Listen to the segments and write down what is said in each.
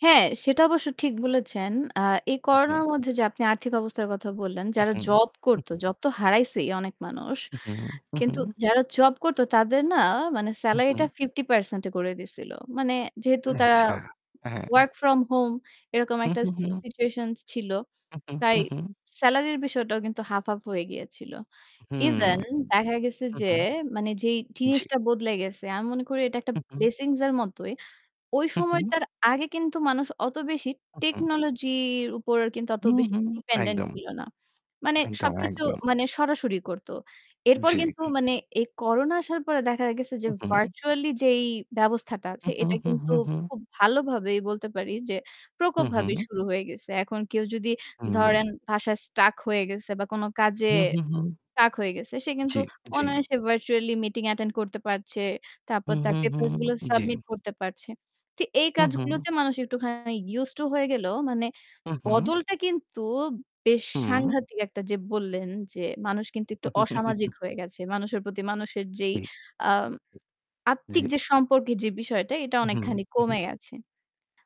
হ্যাঁ, সেটা অবশ্য ঠিক বলেছেন। আ এই করোনার জী। মধ্যে যে আপনি আর্থিক অবস্থার কথা বললেন, উ যারা হুম। জব হু, করতো, হু। জব তো হারাইছেই অনেক মানুষ। হু, কিন্তু হু। যারা জব করত তাদের না মানে হুম, হুম। সেলারিটা ৫০% করে দিয়েছিল। মানে যেহেতু তারা আচ্ছা, হ্যাঁ। ওয়ার্ক ফ্রম হোম এরকম হু, একটা হু, হু। সিচুয়েশন ছিল। হু, তাই হু, হু। সেলারির বিষয়টাও কিন্তু হাফ, হাফ হয়ে গিয়েছিল। হু, ইভেন দেখা গেছে হু, যে হু। মানে যেই জ্বি। জিনিসটা বদলে গেছে, আমি মনে করি এটা একটা হু, হু। ব্লেসিংস এর মতই। ওই হুম, হুম। সময়টার আগে কিন্তু মানুষ অত বেশি হু, হু। টেকনোলজির উপর কিন্তু অত হু, বেশি হু ডিপেন্ডেন্ট একদম। ছিল না। মানে একদম, সবকিছু একদম। মানে সরাসরি করত। এরপর জ্বী। কিন্তু মানে এই করোনা আসার পরে দেখা গেছে যে হু, হু। ভার্চুয়ালি যেই ব্যবস্থাটা আছে হুম, হুম, এটা হুম, কিন্তু হুম, হুম। খুব ভালোভাবেই বলতে পারি যে হু, প্রকোপভাবে হু। শুরু হয়ে গেছে। এখন কেউ যদি হুম। ধরেন ভাষায় স্ট্রাক হয়ে গেছে বা কোনো কাজে হু, হু, হু। স্টাক হয়ে গেছে। সে কিন্তু জ্বি, জ্বি। অনায়াসে ভার্চুয়াল মিটিং অ্যাটেন্ড করতে পারছে। তারপর হুঁ, তার হুঁ, পেপারস গুলো হুঁ, জ্বি। সাবমিট করতে পারছে। তো এই হু, হু। কাজগুলোতে মানুষ একটুখানি ইউস টু হয়ে গেলো। মানে উঁ হুঁ। বদলটা কিন্তু বেশ হুম। সাংঘাতিক একটা যে বললেন যে মানুষ কিন্তু একটু অসামাজিক হয়ে গেছে। মানুষের প্রতি মানুষের যেই ঠিক। আ আত্মিক জ্বী। যে সম্পর্কে যে বিষয়টা এটা হু, হু। অনেকখানি হু। কমে গেছে।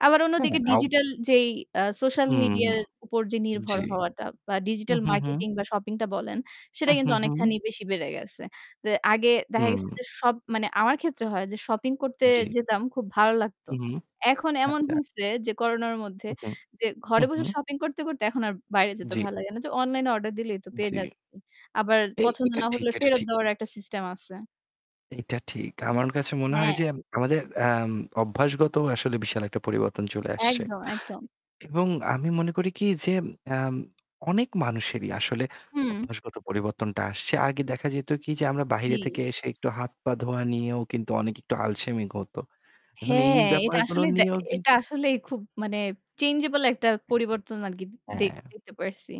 আবার হ্যাঁ, অন্যদিকে অব ডিজিটাল যেই আ সোশ্যাল হু, মিডিয়া এর উপর যে নির্ভর জ্বি। হওয়াটা বা হু, ডিজিটাল হু, হু। মার্কেটিং বা শপিং টা বলেন, সেটা হু, হু, কিন্তু হু। অনেকখানি বেশি বেড়ে গেছে। আগে দেখা গেছে হুম। যে সব মানে আমার ক্ষেত্রে হয় যে শপিং করতে জ্বি। যেতাম খুব ভালো লাগতো। হুম, এখন এমন আচ্ছা। হইছে যে করোনার মধ্যে, হু, হু, যে ঘরে হুম, বসে হুম। শপিং করতে, করতে, এখন আর বাইরে যেতে জ্বি। ভালো লাগে না যে অনলাইন এ অর্ডার দিলেই তো পেয়ে জ্বি। যাচ্ছি। আবার এ পছন্দ এটা না ঠিক হলে এটা ফেরত ঠিক। দেওয়ার একটা সিস্টেম আছে। এটা ঠিক। আমার কাছে মনে হয় হ্যাঁ। যে এম আমাদের অ্যাম অভ্যাসগত আসলে বিশাল একটা পরিবর্তন চলে আসছে। একদম, একদম। এবং আমি মনে করি কি যে অ্যাম অনেক মানুষেরই আসলে হুম। অভ্যাসগত পরিবর্তনটা আসছে। আগে দেখা যেত কি যে আমরা জি। বাইরে থেকে এসে একটু হাত, পা ধোয়া নিয়েও কিন্তু অনেক একটু আলসেমি হত। এখন এই হ্যাঁ, এটা ব্যাপারগুলো আসলেই দ্যা নিয়েও এটা কিন্তু আসলেই খুব মানে চেঞ্জেবল একটা পরিবর্তন আরকি দে হ্যাঁ। দেখতে পারছি।